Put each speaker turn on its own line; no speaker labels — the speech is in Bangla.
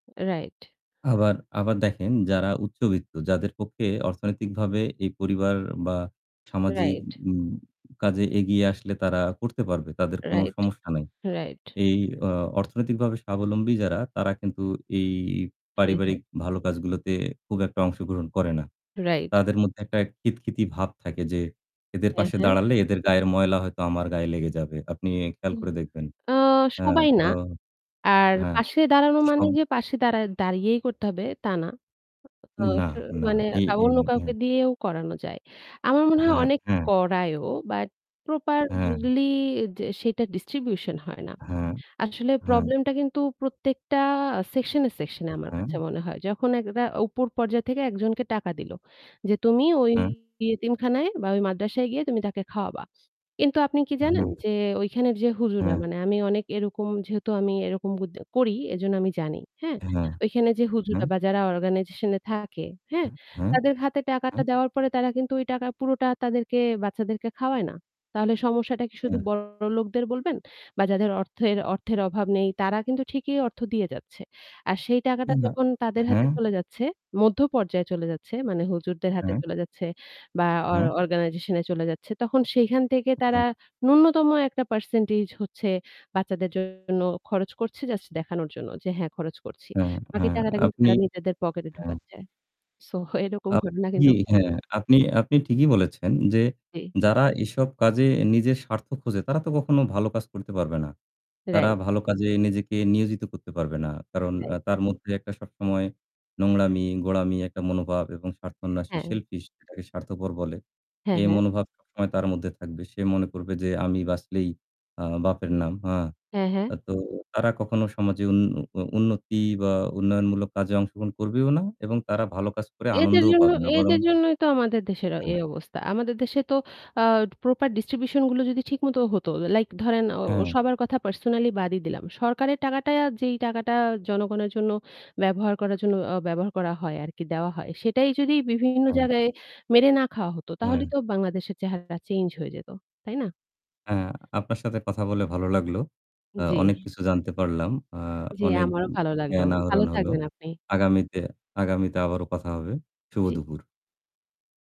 Right.
আবার আবার দেখেন যারা উচ্চবিত্ত, যাদের পক্ষে অর্থনৈতিকভাবে এই পরিবার বা সামাজিক
Right.
কাজে এগিয়ে আসলে তারা করতে পারবে, তাদের কোন
Right,
সমস্যা নাই।
right.
এই অ অর্থনৈতিকভাবে স্বাবলম্বী যারা তারা কিন্তু এই
হ্যাঁ, হ্যাঁ।
পারিবারিক ভালো কাজগুলোতে খুব একটা অংশগ্রহণ করে না।
Right.
তাদের মধ্যে একটা খিতখিতি ভাব থাকে যে, এদের
হ্যাঁ,
পাশে
হ্যাঁ।
দাঁড়ালে এদের গায়ের ময়লা হয়তো আমার গায়ে লেগে যাবে। আপনি খেয়াল
উম
করে দেখবেন।
আ
আ
সবাই
তো
না। আর
হ্যাঁ,
পাশে দাঁড়ানো মানে
সম
যে পাশে দাঁড়া দাঁড়িয়েই করতে হবে, তা না। আ
না,
স
না
মানে
এই
তা অন্য
[unintelligible]
কাউকে
হ্যাঁ।
দিয়েও করানো যায়। আমার মনে হয়
হায়
অনেক
অ্যা
করায়ও, but
হ্যাঁ।
properly যে সেটার distribution হয় না।
হ্যাঁ,
আসলে
হ্যাঁ।
problem টা কিন্তু প্রত্যেকটা section এ section এ
অ্যা
আমার
হ্যাঁ।
কাছে মনে হয়। যখন একটা উপর পর্যায় থেকে একজনকে টাকা দিল, যে "তুমি ওই
হ্যাঁ।
এতিমখানায় বা ওই মাদ্রাসায় গিয়ে তুমি তাকে খাওয়াবা।" কিন্তু আপনি কি
হ্যাঁ,
জানেন
হ্যাঁ।
যে, ওইখানের যে হুজুররা,
হ্যাঁ।
মানে আমি অনেক এরকম যেহেতু আমি এরকম বুদ করি, এজন্য আমি জানি, হ্যাঁ?
হ্যাঁ,
ওইখানে যে
হ্যাঁ।
হুজুররা বা যারা organization এ থাকে, হ্যাঁ?
হ্যাঁ, হ্যাঁ,
তাদের হাতে টাকাটা
হ্যাঁ।
দেওয়ার পরে তারা কিন্তু ওই টাকা পুরোটা তাদেরকে বাচ্চাদেরকে খাওয়ায় না। তাহলে সমস্যাটা কি শুধু
হ্যাঁ।
বড়লোকদের বলবেন? বা যাদের অর্থের, অর্থের অভাব নেই, তারা কিন্তু ঠিকই অর্থ দিয়ে যাচ্ছে। আর সেই টাকাটা
[unintelligible]
যখন তাদের হাতে
হ্যাঁ।
চলে যাচ্ছে, মধ্য পর্যায় চলে যাচ্ছে, মানে হুজুরদের হাতে
হ্যাঁ।
চলে যাচ্ছে বা or
হ্যাঁ।
organization এ চলে যাচ্ছে, তখন সেইখান থেকে তারা
[unintelligible]
ন্যূনতম একটা percentage হচ্ছে বাচ্চাদের জন্য খরচ করছে জাস্ট দেখানোর জন্য যে হ্যাঁ, খরচ করছি।
হ্যাঁ,
বাকি
হ্যাঁ,
টাকাটা কিন্তু
আপনি
তারা নিজেদের pocket এ
হ্যাঁ।
ঢোকাচ্ছে। So, এরকম ঘটনা
আপনি
কিন্তু ঘটে।
হ্যাঁ আপনি, আপনি ঠিকই বলেছেন, যে,
জি।
যারা এসব কাজে নিজের স্বার্থ খোঁজে তারা তো কখনো ভালো কাজ করতে পারবে না। তারা
Right.
ভালো কাজে নিজেকে নিয়োজিত করতে পারবে না। কারণ
Right.
আ তার মধ্যে একটা সবসময় নোংরামি, গোঁড়ামি, একটা মনোভাব এবং স্বার্থান্বেষী,
হ্যাঁ।
selfish যেটাকে স্বার্থপর বলে।
হ্যাঁ,
এই
হ্যাঁ।
মনোভাব সবসময় তার মধ্যে থাকবে। সে মনে করবে যে আমি বাঁচলেই আ বাপের নাম। হা
হ্যাঁ, হ্যাঁ।
আ তো তারা কখনো সমাজে উন্ন অ উন্নতি বা উন্নয়নমূলক কাজে অংশগ্রহণ করবেও না এবং তারা ভালো কাজ করে
এদের
আনন্দও
জন্য,
পাবে না। বরং
এদের জন্যই তো আমাদের দেশের অ
হ্যাঁ।
এই অবস্থা। আমাদের দেশে তো আ proper distribution গুলো যদি ঠিকমতো হতো, like ধরেন ও ও
হ্যাঁ।
সবার কথা personally বাদই দিলাম। সরকারের টাকাটা, যেই টাকাটা জনগণের জন্য ব্যবহার করার জন্য অ ব্যবহার করা হয় আরকি, দেওয়া হয়, সেটাই যদি বিভিন্ন
হ্যাঁ।
জায়গায় মেরে না খাওয়া হতো, তাহলেই
হ্যাঁ।
তো বাংলাদেশের চেহারাটা change হয়ে যেত। তাই না?
হ্যাঁ। আপনার সাথে কথা বলে ভালো লাগলো। অ
জি।
অনেক কিছু জানতে পারলাম। আ
জি,
অনেক
আমারও ভালো লাগলো।
জ্ঞান
ভালো
আহরণ হলো।
থাকবেন আপনি।
আগামীতে, আগামীতে আবারও কথা হবে। শুভ
জি।
দুপুর।